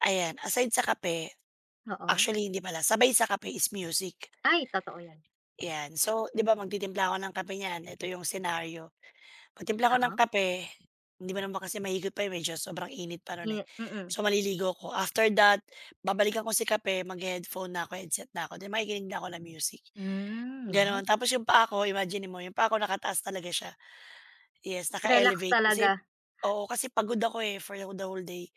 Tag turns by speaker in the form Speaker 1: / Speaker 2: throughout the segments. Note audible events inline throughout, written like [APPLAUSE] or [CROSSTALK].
Speaker 1: Ayan, aside sa kape,
Speaker 2: Oo.
Speaker 1: actually hindi pala. Sabay sa kape is music.
Speaker 2: Ay, totoo 'yan.
Speaker 1: 'Yan. So, 'di ba magtitimpla ako ng kape niyan, eto yung senaryo, pagtimpla ko ng
Speaker 2: Oo.
Speaker 1: kape hindi mo naman kasi mahigop pa, medyo sobrang init pa nun, eh.
Speaker 2: Ye mm.
Speaker 1: So maliligo ako, after that, babalikan ko si kape, maghe-headphone na 'ko, headset na ako, 'di makikinig na ako ng music,
Speaker 2: Hmm,
Speaker 1: ganun.
Speaker 2: 'yan.
Speaker 1: Tapos yung paa ko, imaginin mo, yung paa ko nakataas talaga siya. Yes,
Speaker 2: Relax
Speaker 1: naka-elevate kasi
Speaker 2: talaga.
Speaker 1: oo kasi pagod ako, eh, for the whole day.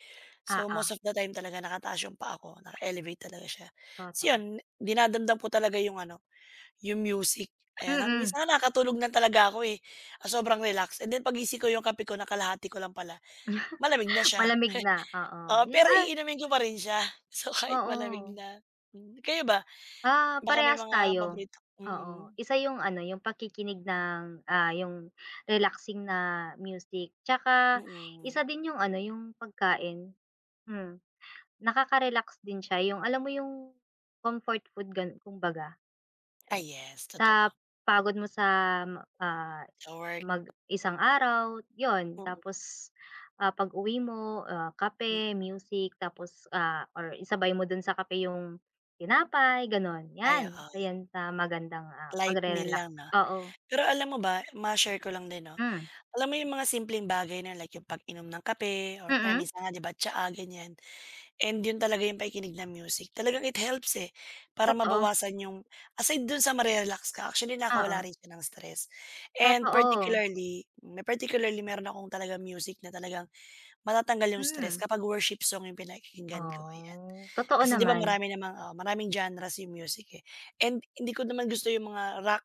Speaker 1: So, most
Speaker 2: Oo.
Speaker 1: of the time talaga nakataas yung paa ko, naka-elevate talaga siya. Ta's
Speaker 2: Totoo.
Speaker 1: yun, dinadamdam ko talaga yung ano, yung music. Ayan,
Speaker 2: Mm.
Speaker 1: minsan nga nakatulog na talaga ako, eh, sa sobrang relax and then paggising ko yung kape ko nakalahati ko lang pala, malamig na
Speaker 2: [CHUCKLES]
Speaker 1: siya.
Speaker 2: Malamig na. Oo,
Speaker 1: Oo
Speaker 2: yun,
Speaker 1: pero
Speaker 2: ah
Speaker 1: iinumin ko pa rin siya. So kahit malamig
Speaker 2: Oo.
Speaker 1: na. Hmm, eh, kayo ba?
Speaker 2: Ah,
Speaker 1: Baka may
Speaker 2: parehas
Speaker 1: mga
Speaker 2: tayo.
Speaker 1: paborito
Speaker 2: Oo,
Speaker 1: mm.
Speaker 2: isa yung ano, yung pakikinig ng, ah, yung relaxing na music, tsaka
Speaker 1: Mm.
Speaker 2: isa din yung ano, yung pagkain. Hmm, nakaka-relax din siya yung alam mo yung comfort food gan kumbaga.
Speaker 1: Ay yes,
Speaker 2: Sa
Speaker 1: totoo.
Speaker 2: pagod mo sa, ah,
Speaker 1: Sa work.
Speaker 2: mag isang araw, yun.
Speaker 1: Mm.
Speaker 2: Tapos, ah, pag-uwi mo, ah,
Speaker 1: Hmm.
Speaker 2: kape, music tapos, ah, or isabay mo dun sa kape yung tinapay, ganon.
Speaker 1: Ay
Speaker 2: 'Yan, isa
Speaker 1: oo.
Speaker 2: 'yan sa magandang, ah,
Speaker 1: Light meal
Speaker 2: pagre-relax,
Speaker 1: lang 'no.
Speaker 2: oo.
Speaker 1: Pero alam mo ba, ma-share ko lang din 'no,
Speaker 2: Hmm.
Speaker 1: alam mo yung mga simpleng bagay na like yung pag-inom ng kape or kaya
Speaker 2: Mm.
Speaker 1: minsan nga di ba tsaa ganiyan and yun talaga yung pakikinig ng music talagang it helps eh para
Speaker 2: Totoo.
Speaker 1: mabawasan yung aside dun sa mare-relax ka, actually nakawala
Speaker 2: Oo.
Speaker 1: rin siya ng stress and
Speaker 2: Totoo.
Speaker 1: particularly may particularly meron akong talagang music na talagang matatanggal yung stress
Speaker 2: Hmm.
Speaker 1: kapag worship song yung pinakikinggan ko, ayan.
Speaker 2: Oh, totoo
Speaker 1: Kasi 'di ba
Speaker 2: naman.
Speaker 1: marami namang oo maraming genre's yung music, eh, and hindi ko naman gusto yung mga rock,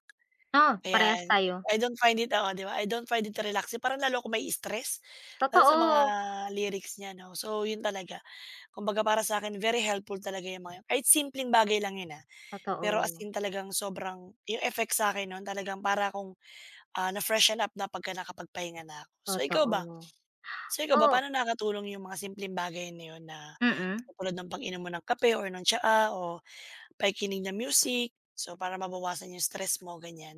Speaker 2: Oh, parehas
Speaker 1: ayan.
Speaker 2: tayo.
Speaker 1: I don't find it oo 'di ba? I don't find it relaxing. Parang lalo ako ma-i-stress. Lalo sa mga
Speaker 2: Totoo.
Speaker 1: lyrics niya 'no. So, yun talaga. Kumbaga para sa 'kin, very helpful talaga yung mga yun. Kahit simpleng bagay lang yun, ah, pero as
Speaker 2: Totoo.
Speaker 1: in talagang sobrang yung effects sa'kin nun talagang para akong, ah, na-freshen up na pagka nakapagpahinga na ako. So ikaw ba?
Speaker 2: Totoo,
Speaker 1: So ikaw ba,
Speaker 2: oh.
Speaker 1: paano nakakatulong yung mga simpleng bagay na yun na
Speaker 2: Mm.
Speaker 1: katulad ng pag-inom mo ng kape or ng tsaa o pakikinig ng music so para mabawasan yung stress mo, ganiyan?